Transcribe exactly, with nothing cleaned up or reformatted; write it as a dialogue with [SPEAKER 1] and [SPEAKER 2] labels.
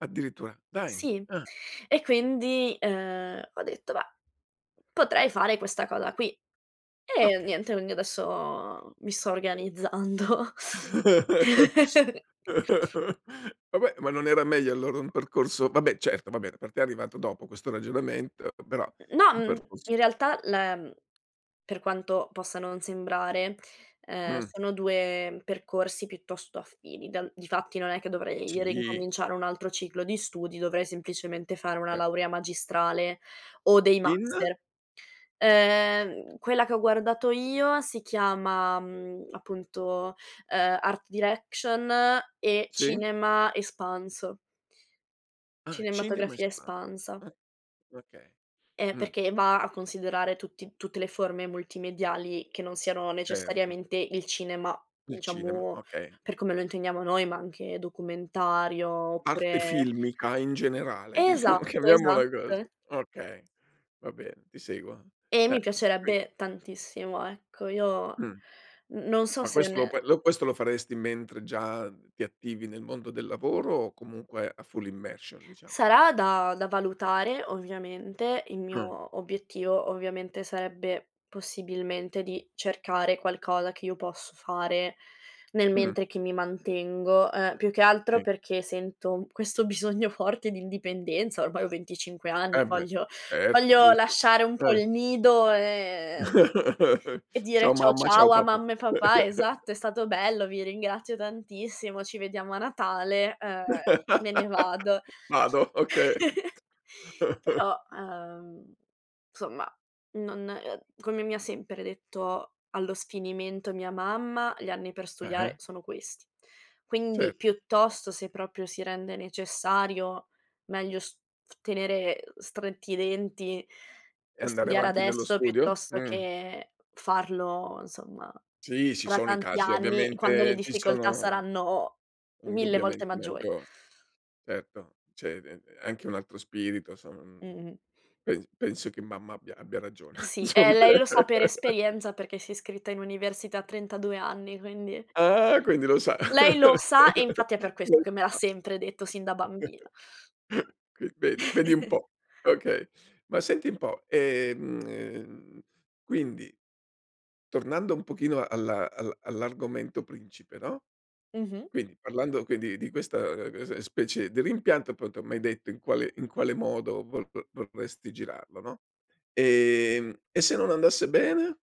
[SPEAKER 1] Addirittura, dai,
[SPEAKER 2] Sì.
[SPEAKER 1] ah.
[SPEAKER 2] E quindi, uhm, ho detto: "Beh, potrei fare questa cosa qui." E
[SPEAKER 1] Okay.
[SPEAKER 2] niente, quindi adesso mi sto organizzando.
[SPEAKER 1] Vabbè, ma non era meglio allora un percorso vabbè certo vabbè per te è arrivato dopo questo ragionamento, però
[SPEAKER 2] Mh mhmm, no,
[SPEAKER 1] un
[SPEAKER 2] mhmm,
[SPEAKER 1] percorso
[SPEAKER 2] in realtà la mhmm, per quanto possa non sembrare, uhm,
[SPEAKER 1] Mh.
[SPEAKER 2] sono due percorsi piuttosto affini. Dal difatti non è che dovrei
[SPEAKER 1] Sì.
[SPEAKER 2] rincominciare un altro ciclo di studi, dovrei semplicemente fare una
[SPEAKER 1] Cer
[SPEAKER 2] laurea magistrale o dei
[SPEAKER 1] In?
[SPEAKER 2] master. Uhm, quella che ho guardato io si chiama, mhmm, appunto, uhm, art direction e
[SPEAKER 1] Sì.
[SPEAKER 2] cinema espanso.
[SPEAKER 1] Ah. Cinema
[SPEAKER 2] Cinematografia
[SPEAKER 1] espan
[SPEAKER 2] espansa.
[SPEAKER 1] ah okay,
[SPEAKER 2] E
[SPEAKER 1] mh.
[SPEAKER 2] perché va a considerare tutti tutte le forme multimediali che non siano
[SPEAKER 1] Certo.
[SPEAKER 2] necessariamente il cinema,
[SPEAKER 1] Il cinema,
[SPEAKER 2] diciamo,
[SPEAKER 1] okay.
[SPEAKER 2] per come lo intendiamo noi, ma anche documentario,
[SPEAKER 1] Arte
[SPEAKER 2] oppure
[SPEAKER 1] filmica in generale diciamo,
[SPEAKER 2] Esatto,
[SPEAKER 1] chiamiamola così.
[SPEAKER 2] esatto.
[SPEAKER 1] Okay, va bene, ti seguo.
[SPEAKER 2] E
[SPEAKER 1] Eh,
[SPEAKER 2] mi
[SPEAKER 1] e qui
[SPEAKER 2] piacerebbe tantissimo, ecco. Io
[SPEAKER 1] Mh
[SPEAKER 2] n non so
[SPEAKER 1] Ma
[SPEAKER 2] se
[SPEAKER 1] questo lo
[SPEAKER 2] ne
[SPEAKER 1] puoi lo questo lo faresti mentre già ti attivi nel mondo del lavoro o comunque a full immersion, diciamo?
[SPEAKER 2] Sarà da da valutare ovviamente. Il
[SPEAKER 1] Ah.
[SPEAKER 2] mio obiettivo, ovviamente, sarebbe possibilmente di cercare qualcosa che io posso fare nel
[SPEAKER 1] Mh.
[SPEAKER 2] mentre che mi mantengo. Uhm, più che altro
[SPEAKER 1] Sì.
[SPEAKER 2] perché sento questo bisogno forte di indipendenza, ormai ho venticinque anni,
[SPEAKER 1] Eh beh,
[SPEAKER 2] voglio
[SPEAKER 1] certo,
[SPEAKER 2] voglio
[SPEAKER 1] giusto.
[SPEAKER 2] lasciare un po'
[SPEAKER 1] Eh.
[SPEAKER 2] il nido e e dire
[SPEAKER 1] "Ciao
[SPEAKER 2] ciao,
[SPEAKER 1] mamma, ciao
[SPEAKER 2] ciao a
[SPEAKER 1] papà."
[SPEAKER 2] mamma e papà, esatto: "È stato bello, vi ringrazio tantissimo, ci vediamo a Natale, uhm, me ne vado."
[SPEAKER 1] "Vado", okay t
[SPEAKER 2] Però, uhm, somma, non uhm, come mi ha sempre detto allo sfinimento mia mamma: "Gli anni per studiare
[SPEAKER 1] Ah-ah.
[SPEAKER 2] sono questi."
[SPEAKER 1] Cer
[SPEAKER 2] Quindi piuttosto se proprio si rende necessario meglio st tenere, uhm, stretti i denti
[SPEAKER 1] E
[SPEAKER 2] e
[SPEAKER 1] andare
[SPEAKER 2] studiare
[SPEAKER 1] avanti nello
[SPEAKER 2] adesso
[SPEAKER 1] studio?
[SPEAKER 2] piuttosto
[SPEAKER 1] Mh.
[SPEAKER 2] che farlo insomma
[SPEAKER 1] Sì, ci
[SPEAKER 2] tra
[SPEAKER 1] sono i
[SPEAKER 2] tanti
[SPEAKER 1] casi
[SPEAKER 2] anni, quando le
[SPEAKER 1] ovviamente ci
[SPEAKER 2] difficoltà
[SPEAKER 1] sono
[SPEAKER 2] saranno mille volte
[SPEAKER 1] indubbiamente
[SPEAKER 2] maggiori.
[SPEAKER 1] maggior certo, c'è [unintelligible] anche un altro spirito sono mhmm,
[SPEAKER 2] Mh-mh.
[SPEAKER 1] pens penso che mamma abbia abbia ragione
[SPEAKER 2] Sì, e
[SPEAKER 1] somma.
[SPEAKER 2] lei lo sa per esperienza perché si iscritta in università a trentadue anni, quindi
[SPEAKER 1] Ah, quindi lo sa.
[SPEAKER 2] lei lo sa e infatti è per
[SPEAKER 1] Lei
[SPEAKER 2] questo che
[SPEAKER 1] lo
[SPEAKER 2] me l'ha
[SPEAKER 1] sa.
[SPEAKER 2] sempre detto sin da bambina.
[SPEAKER 1] Quin vedi, vedi un po', okay. Ma senti un po', ehm, ehm, quindi tornando un pochino alla al all'argomento principe, no,
[SPEAKER 2] Mh-mh.
[SPEAKER 1] quindi parlando quindi di questa, ehm, cos'è, specie di rimpianto appunto m'hai detto in quale in quale modo vol vo vorresti girarlo, no. Ehm, e se non andasse bene?